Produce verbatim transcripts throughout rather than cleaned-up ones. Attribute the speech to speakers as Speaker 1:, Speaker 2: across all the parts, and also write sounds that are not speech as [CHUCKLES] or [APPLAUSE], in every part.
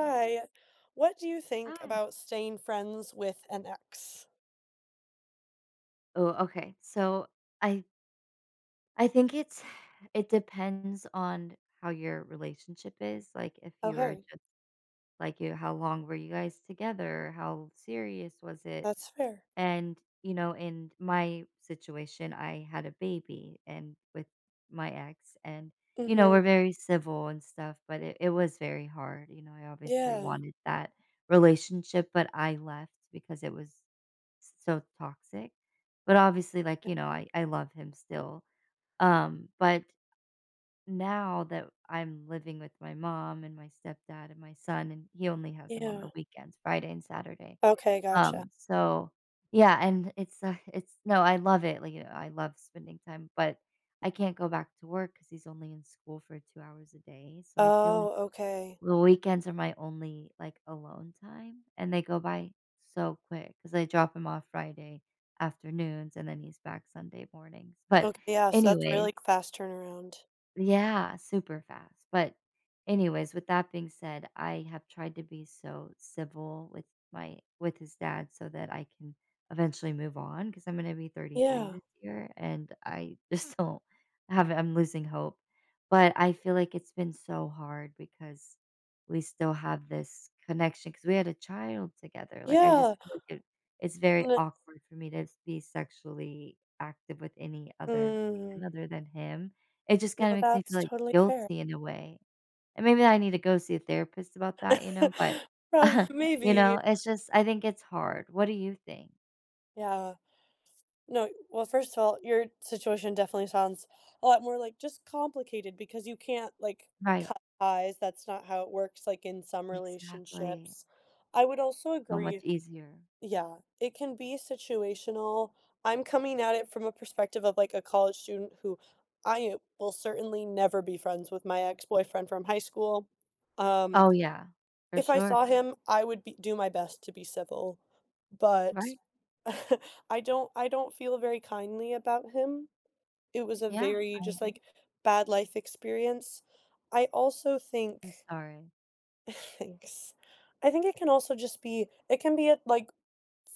Speaker 1: Hi. What do you think
Speaker 2: Hi.
Speaker 1: about staying friends with an ex?
Speaker 2: Ooh, okay. So, I I think it [SIGHS] it depends on how your relationship is, like, if you were
Speaker 1: Okay.
Speaker 2: just like, you how long were you guys together? How serious was it?
Speaker 1: That's fair.
Speaker 2: And, you know, in my situation, I had a baby and with my ex. And, you know,
Speaker 1: Mhm.
Speaker 2: we're very civil and stuff, but it it was very hard. You know, I obviously
Speaker 1: Yeah.
Speaker 2: wanted that relationship, but I left because it was so toxic. But, obviously, like,
Speaker 1: Eh
Speaker 2: you know, I I love him still. Um, but now that I'm living with my mom and my stepdad and my son, and he only has him on
Speaker 1: Yeah.
Speaker 2: the weekends- Friday and Saturday.
Speaker 1: Okay, gotcha.
Speaker 2: Um, so, yeah, and it's, uh, it's no, I love it, like, I love spending time, but I can't go back to work 'cause he's only in school for two hours a day. So I feel like
Speaker 1: Oh, okay.
Speaker 2: the weekends are my only, like, alone time, and they go by so quick 'cause I drop him off Friday afternoons, and then he's back Sunday mornings. But,
Speaker 1: Ok yeah, so that's a
Speaker 2: anyways
Speaker 1: really fast turnaround.
Speaker 2: Yeah, super fast. But, anyways, with that being said, I have tried to be so civil with my with his dad so that I can eventually move on. 'Cause I'm gonna be thirty-three
Speaker 1: Yeah.
Speaker 2: this year, and I just don't have a I'm losing hope. But I feel like it's been so hard because we still have this connection 'cause we had a child together, like, I just
Speaker 1: Yeah.
Speaker 2: feel like it it's very
Speaker 1: Le
Speaker 2: awkward for me to be sexually active with any other
Speaker 1: Mm.
Speaker 2: man other than him. It just
Speaker 1: No,
Speaker 2: kinda makes me
Speaker 1: that's
Speaker 2: feel, like,
Speaker 1: totally fair.
Speaker 2: guilty in a way. And maybe I need to go see a therapist about that, you know? But,
Speaker 1: [CHUCKLES] Oh,
Speaker 2: [CHUCKLES] you
Speaker 1: maybe.
Speaker 2: know, it's just I think it's hard. What do you think?
Speaker 1: Yeah. No well, first of all, your situation definitely sounds a lot more, like, just complicated because you can't, like,
Speaker 2: Right.
Speaker 1: cut ties, that's not how it works, like, in some
Speaker 2: Exactly.
Speaker 1: relationships. I would also
Speaker 2: So much
Speaker 1: agree
Speaker 2: easier.
Speaker 1: Yeah. It can be situational. I'm coming at it from a perspective of, like, a college student who I will certainly never be friends with my ex-boyfriend from high school. Um.
Speaker 2: Oh, yeah. For
Speaker 1: If I
Speaker 2: sure.
Speaker 1: saw him, I would be do my best to be civil, but,
Speaker 2: Right.
Speaker 1: [CHUCKLES] I don't I don't feel very kindly about him. It was a
Speaker 2: Yeah.
Speaker 1: very
Speaker 2: I
Speaker 1: just,
Speaker 2: agree.
Speaker 1: like, bad life experience. I also think
Speaker 2: I'm sorry.
Speaker 1: [CHUCKLES] Thanks. I think it can also just be it can be a, like,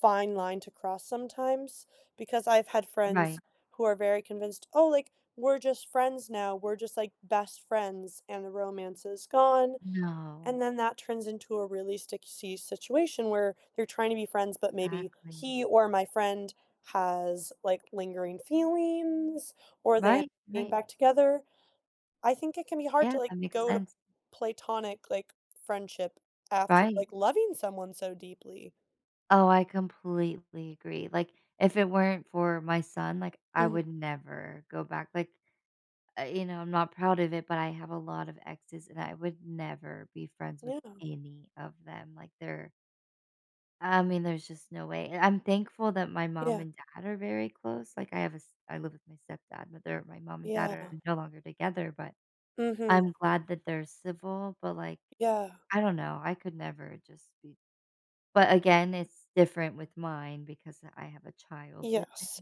Speaker 1: fine line to cross sometimes, because I've had friends
Speaker 2: Right.
Speaker 1: who are very convinced, "Oh, like, we're just friends now. We're just, like, best friends and the romance is gone,"
Speaker 2: No.
Speaker 1: and then that turns into a really sticksee situation, where you're trying to be friends, but maybe
Speaker 2: Exactly.
Speaker 1: he or my friend has, like, lingering feelings or they end up
Speaker 2: Right,
Speaker 1: getting
Speaker 2: right.
Speaker 1: back together. I think it can be hard to,
Speaker 2: Yeah,
Speaker 1: like,
Speaker 2: that makes
Speaker 1: go to
Speaker 2: sense.
Speaker 1: platonic, like, friendship after,
Speaker 2: Right.
Speaker 1: like, loving someone so deeply.
Speaker 2: Oh, I completely agree. Like, if it weren't for my son, like, I
Speaker 1: Mhm
Speaker 2: would never go back, like, I you know, I'm not proud of it, but I have a lot of exes, and I would never be friends with
Speaker 1: Yeah.
Speaker 2: any of them, like, they're I mean, there's just no way. And I'm thankful that my mom
Speaker 1: Yeah.
Speaker 2: and dad are very close. Like, I have a s I live with my stepdad, but they're my mom and dad
Speaker 1: Yeah.
Speaker 2: are no longer together, but
Speaker 1: Mhm.
Speaker 2: I'm glad that they're civil, but, like,
Speaker 1: Yeah.
Speaker 2: I don't know. I could never just be but, again, it's different with mine because I have a child with him.
Speaker 1: Yes.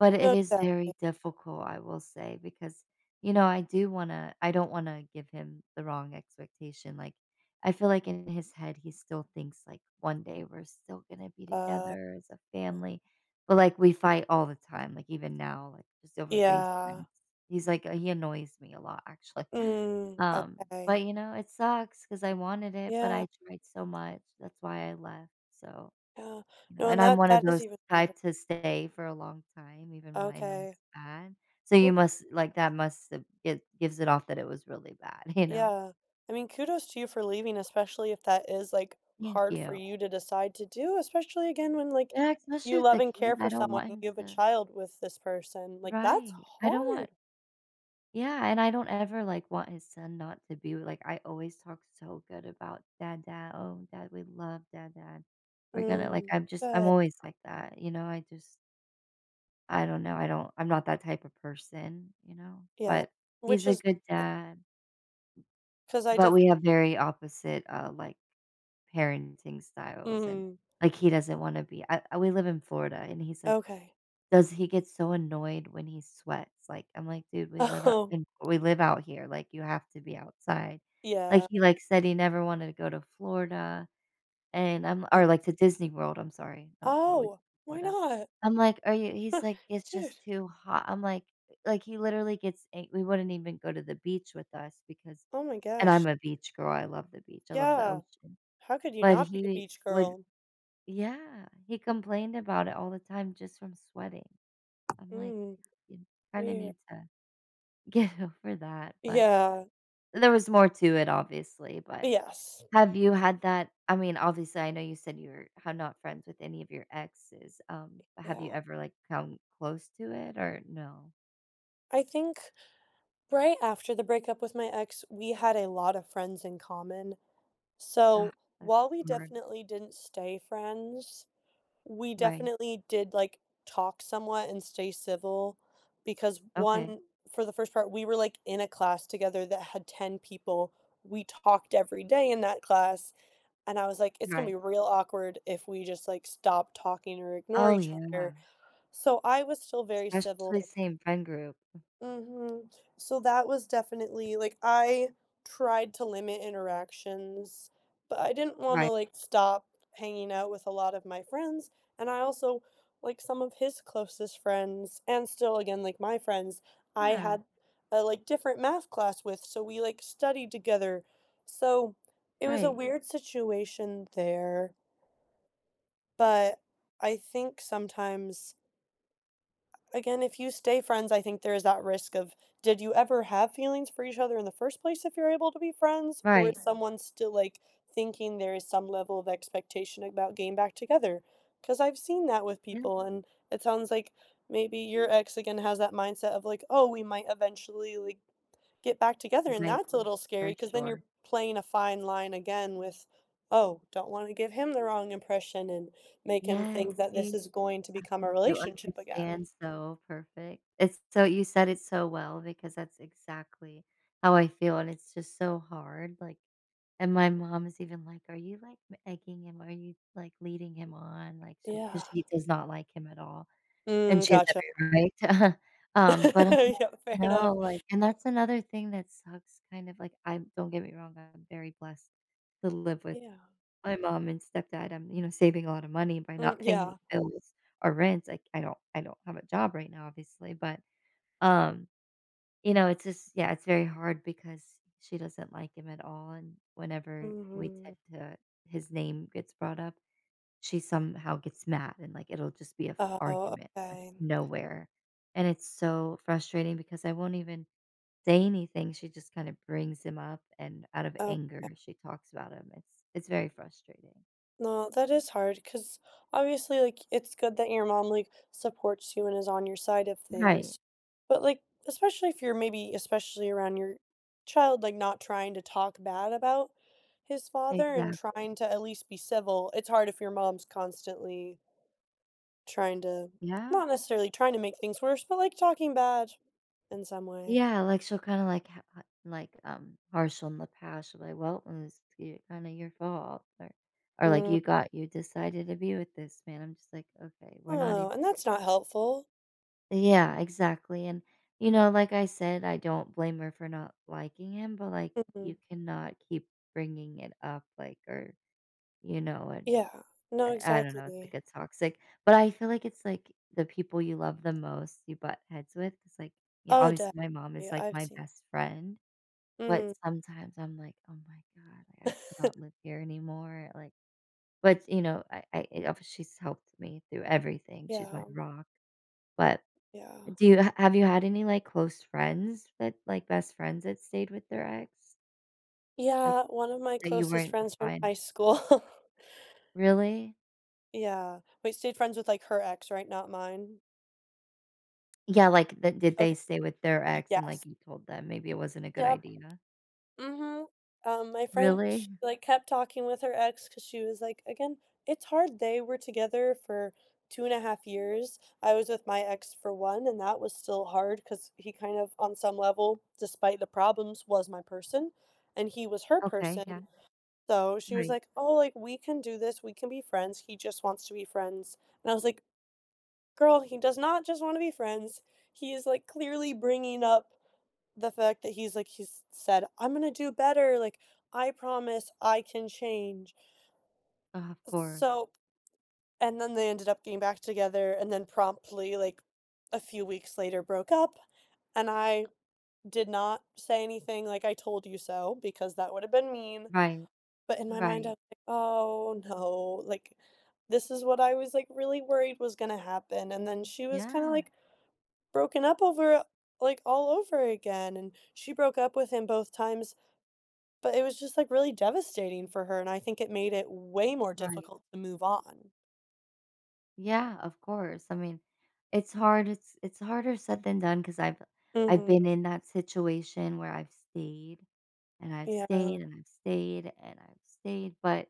Speaker 2: But it is
Speaker 1: Exactly.
Speaker 2: very difficult, I will say, because, you know, I do wanna I don't wanna give him the wrong expectation, like, I feel like in his head, he still thinks, like, one day, we're still gonna be
Speaker 1: Uh,
Speaker 2: together as a
Speaker 1: well
Speaker 2: family. But, like, we fight all the time, like, even now, like, just over [UNINTELLIGIBLE] things.
Speaker 1: Yeah.
Speaker 2: He's like, uh he annoys me a lot, actually.
Speaker 1: Mm,
Speaker 2: Um,
Speaker 1: okay.
Speaker 2: but, you know, it sucks 'cause I wanted it, but
Speaker 1: Yeah.
Speaker 2: I tried so much. That's why I left, so
Speaker 1: Yeah.
Speaker 2: you know,
Speaker 1: No,
Speaker 2: and
Speaker 1: and
Speaker 2: I'm
Speaker 1: that
Speaker 2: one of
Speaker 1: that is
Speaker 2: those
Speaker 1: even harder.
Speaker 2: type to stay for a long time even when I know
Speaker 1: Okay.
Speaker 2: it's bad. So
Speaker 1: Well
Speaker 2: you
Speaker 1: g
Speaker 2: must like, that must have it gives it off that it was really bad, you know?
Speaker 1: Yeah. I mean, kudos to you for leaving, especially if that is, like,
Speaker 2: Thank
Speaker 1: hard for
Speaker 2: you.
Speaker 1: you to decide to do, especially again when, like,
Speaker 2: Yeah, especially
Speaker 1: you
Speaker 2: with
Speaker 1: love
Speaker 2: a kid.
Speaker 1: and care
Speaker 2: And
Speaker 1: for
Speaker 2: I don't
Speaker 1: someone
Speaker 2: want
Speaker 1: and
Speaker 2: him
Speaker 1: you have a
Speaker 2: to
Speaker 1: child with this person, like, that's
Speaker 2: Right. I don't
Speaker 1: hard.
Speaker 2: want Yeah. And I don't ever, like, want his son not to be w like, I always talk so good about, "Dad Dad. Oh, dad, we love dad dad." We're gonna like,
Speaker 1: Mm.
Speaker 2: I'm just I'm
Speaker 1: Good
Speaker 2: always like that. You know? I just I don't know. I don't I'm not that type of person, you know?
Speaker 1: Yeah.
Speaker 2: But,
Speaker 1: Which
Speaker 2: he's a
Speaker 1: is
Speaker 2: good
Speaker 1: eh
Speaker 2: dad
Speaker 1: 'Cause I
Speaker 2: but
Speaker 1: def
Speaker 2: we have very opposite, uh, like, parenting styles and,
Speaker 1: Mhm.
Speaker 2: like, he doesn't wanna be I we live in Florida, and he's like
Speaker 1: Okay.
Speaker 2: does he get so annoyed when he sweats. Like, I'm like, "Dude, we live up
Speaker 1: Oh.
Speaker 2: in we live out here. Like, you have to be outside." Like,
Speaker 1: Yeah
Speaker 2: he, like, said he never wanted to go to Florida and I'm li
Speaker 1: Oh
Speaker 2: or, like, to Disney World, I'm sorry. Not Flori
Speaker 1: Oh! Why
Speaker 2: Florida.
Speaker 1: not?
Speaker 2: I'm like, are you he's
Speaker 1: [CHUCKLES]
Speaker 2: like, "It's
Speaker 1: Dude
Speaker 2: just too hot." I'm like, like, he literally gets ang we wouldn't even go to the beach with us because
Speaker 1: Oh my
Speaker 2: and
Speaker 1: gosh.
Speaker 2: I'm a beach girl. I love the beach. I love the
Speaker 1: Yeah.
Speaker 2: ocean.
Speaker 1: How could you
Speaker 2: But
Speaker 1: not be a
Speaker 2: he
Speaker 1: beach
Speaker 2: would
Speaker 1: girl?
Speaker 2: Yeah. He complained about it all the time just from sweating. I'm like,
Speaker 1: Mm.
Speaker 2: "You kinda
Speaker 1: Weir
Speaker 2: need to get over that," but
Speaker 1: Yeah.
Speaker 2: there was more to it, obviously, but
Speaker 1: Yes.
Speaker 2: Have you had that I mean, obviously, I know you said you're how not friends with any of your exes. Um, have you
Speaker 1: Yeah.
Speaker 2: ever, like, come close to it or no?
Speaker 1: I think, right after the breakup with my ex, we had a lot of friends in common,
Speaker 2: Ah,
Speaker 1: so,
Speaker 2: that's
Speaker 1: while we
Speaker 2: hard.
Speaker 1: definitely didn't stay friends, we
Speaker 2: Right.
Speaker 1: definitely did, like, talk somewhat and stay civil because
Speaker 2: Okay.
Speaker 1: one, for the first part, we were, like, in a class together that had ten people. We talked every day in that class, and I was like, "It's gonna be
Speaker 2: Right.
Speaker 1: real awkward if we just, like, stop talking or ignore
Speaker 2: Oh,
Speaker 1: each
Speaker 2: yeah.
Speaker 1: other." So, I was still very
Speaker 2: Especially
Speaker 1: civil.
Speaker 2: same friend group. Mm.
Speaker 1: Mhm. So, that was definitely like, I tried to limit interactions, but I didn't wanna,
Speaker 2: Right.
Speaker 1: like, stop hanging out with a lot of my friends, and I also, like, some of his closest friends and still again, like, my friends, I
Speaker 2: Yeah.
Speaker 1: had a, like, different math class with, so, we, like, studied together. So, it was a
Speaker 2: Right.
Speaker 1: weird situation there but, I think sometimes a again, if you stay friends, I think there is that risk of "Did you ever have feelings for each other in the first place if you're able to be friends?" Or
Speaker 2: Right.
Speaker 1: is someone still, like, thinking there is some level of expectation about getting back together? 'Cause I've seen that with
Speaker 2: Yeah.
Speaker 1: people, and it sounds like maybe your ex again has that mindset of like, "Oh, we might eventually, like, get back together," and
Speaker 2: Right.
Speaker 1: that's a little
Speaker 2: For
Speaker 1: scary 'cause then
Speaker 2: sure.
Speaker 1: you're playing a fine line again with, "Oh, don't wanna give him the wrong impression and make him
Speaker 2: Yes,
Speaker 1: think that
Speaker 2: see,
Speaker 1: this
Speaker 2: uh,
Speaker 1: is going to become a
Speaker 2: you
Speaker 1: relationship again."
Speaker 2: understand so perfect. It's so you said it so well because that's exactly how I feel, and it's just so hard, like and my mom is even like, "Are you, like, m egging him are you, like, leading him on? Like to" 'cause
Speaker 1: Yeah.
Speaker 2: she does not like him at all.
Speaker 1: Mm,
Speaker 2: And she has
Speaker 1: gotcha.
Speaker 2: every right to. [CHUCKLES] Um, but I'm
Speaker 1: [LAUGHS]
Speaker 2: like,
Speaker 1: Yep. Fair enough.
Speaker 2: "No, like" and that's another thing that sucks kind of like, I'm don't get me wrong, I'm very blessed to live with
Speaker 1: Yeah.
Speaker 2: my mom and stepdad. I'm, you know, saving a lotta money by
Speaker 1: Mm,
Speaker 2: not paying any
Speaker 1: yeah.
Speaker 2: bills or rents. Like, I don't I don't have a job right now, obviously, but, um, you know, it's just, yeah, it's very hard because she doesn't like him at all, and whenever we
Speaker 1: Mhm.
Speaker 2: tend to his name gets brought up, she somehow gets mad and, like, it'll just be a f
Speaker 1: Oh,
Speaker 2: argument out of
Speaker 1: okay.
Speaker 2: nowhere, and it's so frustrating because I won't even say anything. She just kinda brings him up and out of anger,
Speaker 1: Okay.
Speaker 2: she talks about him. It's it's very frustrating.
Speaker 1: No, that is hard 'cause, obviously, like, it's good that your mom, like, supports you and is on your side of
Speaker 2: Right.
Speaker 1: things, but, like, especially if you're maybe especially around your child, like, not trying to talk bad about his father and
Speaker 2: Exactly.
Speaker 1: trying to at least be civil, it's hard if your mom's constantly trying to
Speaker 2: Yeah.
Speaker 1: not necessarily trying to make things worse, but, like, talking bad, in some way.
Speaker 2: Yeah, like, she'll kinda, like ha ha like, um, partial in the past, she'll be like, "Well, mm, skit kinda your fault," or or, like,
Speaker 1: Mm.
Speaker 2: "You got you decided to be with this man," I'm just like, "Okay, we're not
Speaker 1: Oh,
Speaker 2: ev"
Speaker 1: and that's not helpful.
Speaker 2: Yeah, exactly, and, you know, like I said, I don't blame her for not liking him, but, like,
Speaker 1: Mm-mm.
Speaker 2: you cannot keep bringing it up, like, or, you know, and,
Speaker 1: Yeah. No,
Speaker 2: I I don't know, it's, like,
Speaker 1: exactly.
Speaker 2: a toxic but I feel like it's, like, the people you love the most you butt heads with, it's, like yeah,
Speaker 1: Oh,
Speaker 2: obviously,
Speaker 1: definitely,
Speaker 2: my mom is, like,
Speaker 1: I've
Speaker 2: my
Speaker 1: seen
Speaker 2: best friend, but
Speaker 1: Mhm.
Speaker 2: sometimes I'm like, "Oh my god, I cannot
Speaker 1: [CHUCKLES]
Speaker 2: live here anymore." Like, but, you know, I I eh, obvious she's helped me through everything, she's my
Speaker 1: Yeah.
Speaker 2: rock, but, eh,
Speaker 1: Yeah.
Speaker 2: do you ha have you had any, like, close friends that, like, best friends that stayed with their ex? Like,
Speaker 1: Yeah, one of my
Speaker 2: that you
Speaker 1: closest
Speaker 2: weren't
Speaker 1: friends from
Speaker 2: fine.
Speaker 1: high school. [CHUCKLES]
Speaker 2: Really?
Speaker 1: Yeah. But you stayed friends with, like, her ex, right? Not mine?
Speaker 2: Yeah. Like, th did they
Speaker 1: Okay.
Speaker 2: stay with their
Speaker 1: Y
Speaker 2: ex and,
Speaker 1: yes.
Speaker 2: like, you told them maybe it wasn't a good
Speaker 1: Yup.
Speaker 2: idea?
Speaker 1: Mhm. Um, my friend, sh
Speaker 2: Really?
Speaker 1: like, kept talking with her ex 'cause she was like again, it's hard. They were together for two and a half. I was with my ex for one, and that was still hard 'cause he kind of, on some level, despite the problems, was my person, and he was her
Speaker 2: Okay. Yeah.
Speaker 1: person. Though she was
Speaker 2: Right.
Speaker 1: like, "Oh, like, we can do this. We can be friends. He just wants to be friends." And I was like, "Girl, he does not just wanna be friends. He is, like, clearly bringing up the fact that he's, like" he's said, "I'm gonna do better. Like, I promise I can change."
Speaker 2: [SIGHS] Of
Speaker 1: S
Speaker 2: course.
Speaker 1: so and then, they ended up getting back together and then promptly, like, a few weeks later broke up. And I did not say anything like, "I told you so," because that would've been mean.
Speaker 2: Right.
Speaker 1: But in my mind I
Speaker 2: Right.
Speaker 1: was like, "Oh, no. Like, this is what I was, like, really worried was gonna happen." And then she was kinda,
Speaker 2: Yeah.
Speaker 1: like, broken up over, like, all over again. And she broke up with him both times, but it was just like really devastating for her, and I think it made it way more
Speaker 2: Right.
Speaker 1: difficult to move on.
Speaker 2: Yeah, of course. I mean, it's hard it's it's harder said than done 'cause I've I've
Speaker 1: Mhm.
Speaker 2: been in that situation where I've stayed, and I've
Speaker 1: Yeah.
Speaker 2: stayed, and I've stayed, and I've stayed. But,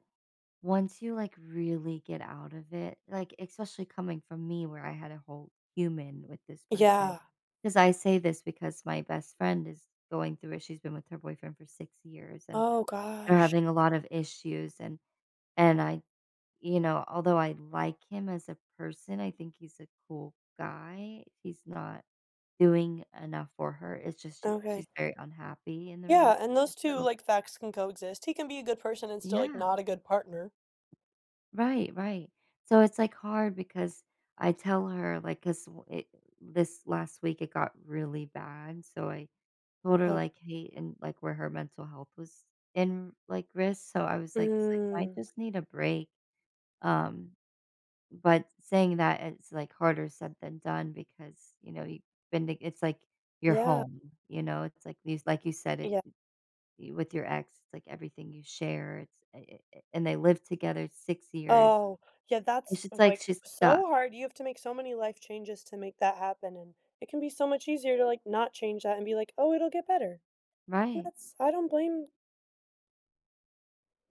Speaker 2: once you, like, really get out of it, like, especially coming from me, where I had a whole human with this person,
Speaker 1: Yeah.
Speaker 2: 'cause I say this because my best friend is going through it, she's been with her boyfriend for six years, and
Speaker 1: Oh,
Speaker 2: they're
Speaker 1: gosh.
Speaker 2: having a lot of issues. And and I, you know, although I like him as a person, I think he's a cool guy, he's not doing enough for her. It's just she she's
Speaker 1: Okay.
Speaker 2: very unhappy in the
Speaker 1: Yeah,
Speaker 2: relationship,
Speaker 1: and those two,
Speaker 2: so
Speaker 1: like, facts can coexist. He can be a good person and still, like,
Speaker 2: Yeah.
Speaker 1: not a good partner.
Speaker 2: Right, right. So it's, like, hard because I tell her, like 'cause wha it this last week, it got really bad, so I told her,
Speaker 1: Oh.
Speaker 2: like, "Hey," and, like, where her mental health was in, like, risk, so I was like, "You might
Speaker 1: Mm.
Speaker 2: just need a break." Um, but saying that, it's, like, harder said than done because, you know, you've been to it's like your
Speaker 1: Yeah.
Speaker 2: home, you know? It's like these like you said it,
Speaker 1: Yeah
Speaker 2: with your ex, it's like everything you share. It's i i it and they lived together six years.
Speaker 1: Oh, yeah, that's,
Speaker 2: It's just like
Speaker 1: like,
Speaker 2: she's stuck.
Speaker 1: so hard. You have to make so many life changes to make that happen, and it can be so much easier to, like, not change that and be like, "Oh, it'll get better."
Speaker 2: Right.
Speaker 1: That's I don't blame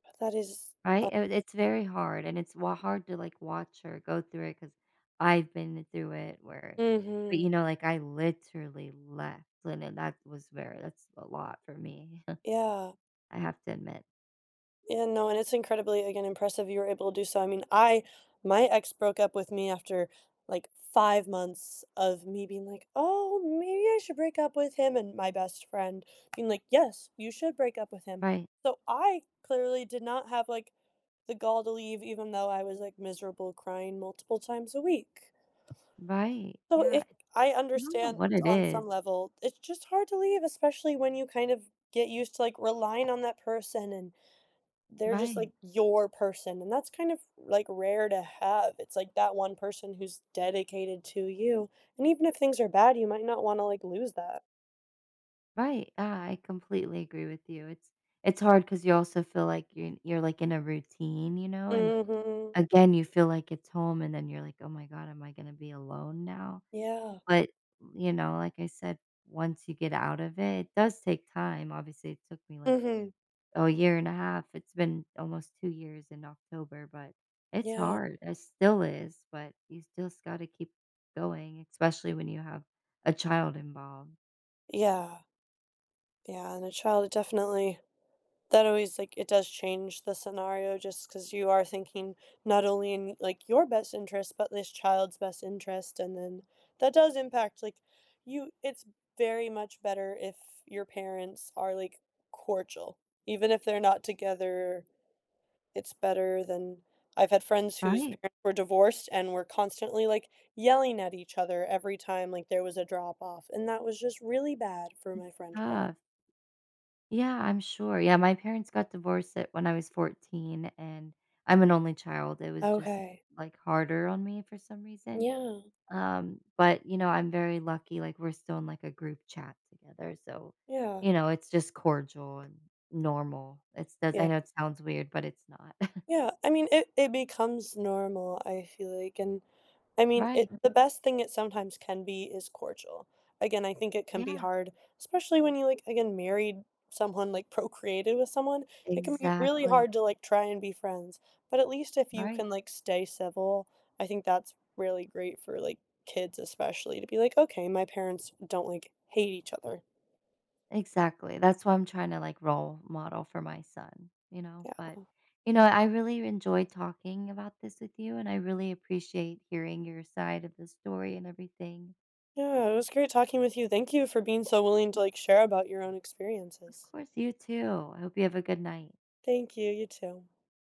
Speaker 1: But that is, uh
Speaker 2: Right? Uh, it's very hard, and it's wa hard to, like, watch her go through it 'cause I've been through it where but,
Speaker 1: Mhm.
Speaker 2: you know, like, I literally left, and then that was very that's a lot for me, [CHUCKLES]
Speaker 1: Yeah.
Speaker 2: I have to admit.
Speaker 1: Yeah, no, and it's incredibly, again, impressive you were able to do so, I mean, I my ex broke up with me after, like, five months of me being like, "Oh, maybe I should break up with him," and my best friend being like, "Yes, you should break up with him,"
Speaker 2: Right.
Speaker 1: so, I clearly did not have, like, the gall to leave even though I was, like, miserable, crying multiple times a week.
Speaker 2: Right,
Speaker 1: So,
Speaker 2: yeah,
Speaker 1: it I
Speaker 2: I don't know
Speaker 1: understand
Speaker 2: what it
Speaker 1: on some
Speaker 2: is.
Speaker 1: level, it's just hard to leave, especially when you kind of get used to, like, relying on that person and they're just,
Speaker 2: Right.
Speaker 1: like, your person, and that's kind of, like, rare to have, it's like that one person who's dedicated to you, and even if things are bad, you might not wanna, like, lose that.
Speaker 2: Right, I I completely agree with you, it's it's hard 'cause you also feel like you're you're, like, in a routine, you know, and,
Speaker 1: Mhm.
Speaker 2: again, you feel like it's home, and then you're like, "Oh my god, am I gonna be alone now?"
Speaker 1: Yeah.
Speaker 2: But, n y you know, like I said, once you get out of it, it does take time, obviously, it took me, like,
Speaker 1: Mhm.
Speaker 2: a year and a half, it's been almost two years in October, but it's
Speaker 1: Yeah.
Speaker 2: hard, it still is, but you still sc gotta keep going, especially when you have a child involved.
Speaker 1: Yeah. Yeah, and a child, definitely that always like it does change the scenario just 'cause you are thinking not only in, like, your best interest, but this child's best interest, and then, that does impact, like, you it's very much better if your parents are, like, cordial, even if they're not together, it's better than I've had friends whose
Speaker 2: Right.
Speaker 1: parents were divorced and were constantly, like, yelling at each other every time, like, there was a drop off, and that was just really bad for my
Speaker 2: It's
Speaker 1: friend growing.
Speaker 2: tough. Yeah, I'm sure, yeah, my parents got divorced at when I was fourteen, and I'm an only child, it was just,
Speaker 1: Okay.
Speaker 2: like, harder on me for some reason,
Speaker 1: Yeah.
Speaker 2: um, but, you know, I'm very lucky, like, we're still in, like, a group chat together, so,
Speaker 1: Yeah.
Speaker 2: you know, it's just cordial and normal. It's does I
Speaker 1: Yeah.
Speaker 2: know it sounds weird, but it's not. [CHUCKLES]
Speaker 1: Yeah, I mean, it it becomes normal, I feel like, and, I mean, it
Speaker 2: Right.
Speaker 1: the best thing it sometimes can be is cordial. Again, I think it can be
Speaker 2: Yeah.
Speaker 1: hard, especially when you, like, again, married someone, like, procreated with someone, it can be really
Speaker 2: Exactly.
Speaker 1: hard to, like, try and be friends, but at least if you
Speaker 2: Right.
Speaker 1: can, like, stay civil, I think that's really great for, like, kids especially to be like, "Okay, my parents don't, like, hate each other."
Speaker 2: Exactly, that's why I'm tryna, like, role model for my son, you know, but
Speaker 1: Yeah.
Speaker 2: you know, I really enjoyed talking about this with you, and I really appreciate hearing your side of the story and everything.
Speaker 1: Yeah, it was great talking with you, thank you for being so willing to, like, share about your own
Speaker 2: Of
Speaker 1: experiences.
Speaker 2: course, you too! I hope you have a good night.
Speaker 1: Thank you, you too.